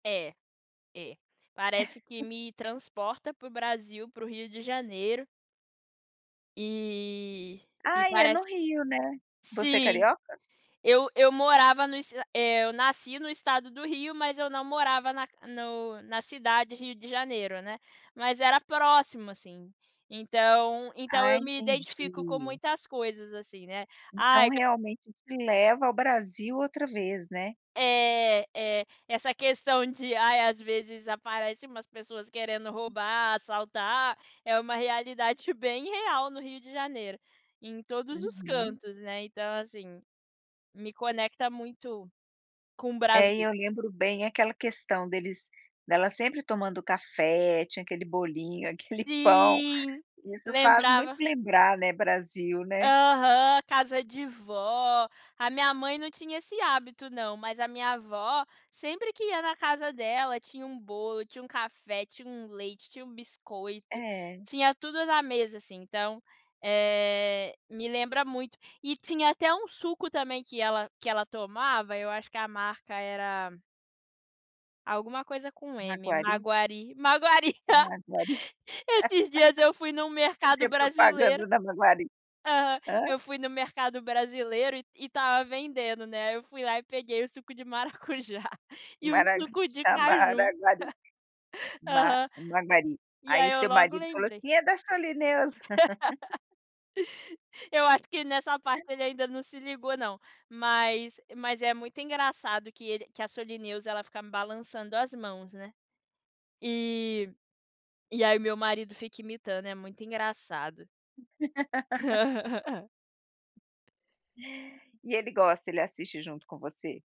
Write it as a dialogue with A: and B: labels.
A: É, é, parece que me transporta para o Brasil, para o Rio de Janeiro. E, e
B: Ai, é
A: parece
B: no Rio, né. Você é
A: sim,
B: carioca?
A: eu eu morava no es eh, eu nasci no estado do Rio, mas eu não morava na no na cidade Rio de Janeiro, né. Mas era próximo, assim. Então então
B: Ah,
A: eu me identifico com
B: entendi.
A: muitas coisas assim, né.
B: Então,
A: Ai
B: realmente te leva ao Brasil outra vez, né.
A: É, é. Essa questão de, ai, às vezes, aparece umas pessoas querendo roubar, assaltar, é uma realidade bem real no Rio de Janeiro, em todos os
B: Uhum.
A: cantos, né, então assim, me conecta muito com o
B: É, e
A: Brasil.
B: eu lembro bem aquela questão deles dela sempre tomando café, tinha aquele bolinho, aquele pão,
A: Sim,
B: isso faz muito
A: lembrava.
B: lembrar, né, Brasil, né.
A: Aham, casa de vó. A minha mãe não tinha esse hábito não, mas a minha vó, sempre que ia na casa dela tinha um bolo, tinha um café, tinha um leite, tinha um biscoito,
B: É.
A: tinha tudo na mesa, assim, então, eh, me lembra muito. E tinha até um suco também que ela que ela tomava, eu acho que a marca era alguma coisa com "M",
B: Maguari?
A: Maguari, Maguari.
B: Maguari.
A: Esses dias eu fui em um
B: Cadê
A: mercado
B: a
A: brasileiro
B: propaganda da Maguari?
A: aham.
B: Hã?
A: Eu fui no mercado brasileiro e e estava vendendo, né, aí eu fui lá e peguei o suco de maracujá e o
B: Maraga
A: suco de
B: Chama
A: caju.
B: Maguari. Ma
A: Aham.
B: Maguari,
A: E
B: aí
A: aí
B: o
A: eu
B: seu
A: logo
B: marido falou
A: lembrei.
B: assim: "E é da Solineusa.".
A: Eu acho que nessa parte ele ainda não se ligou não, mas mas é muito engraçado que ele que a Solineusa ela fica balançando as mãos, né, e e aí meu marido fica imitando, é muito engraçado.
B: E ele gosta, ele assiste junto com você?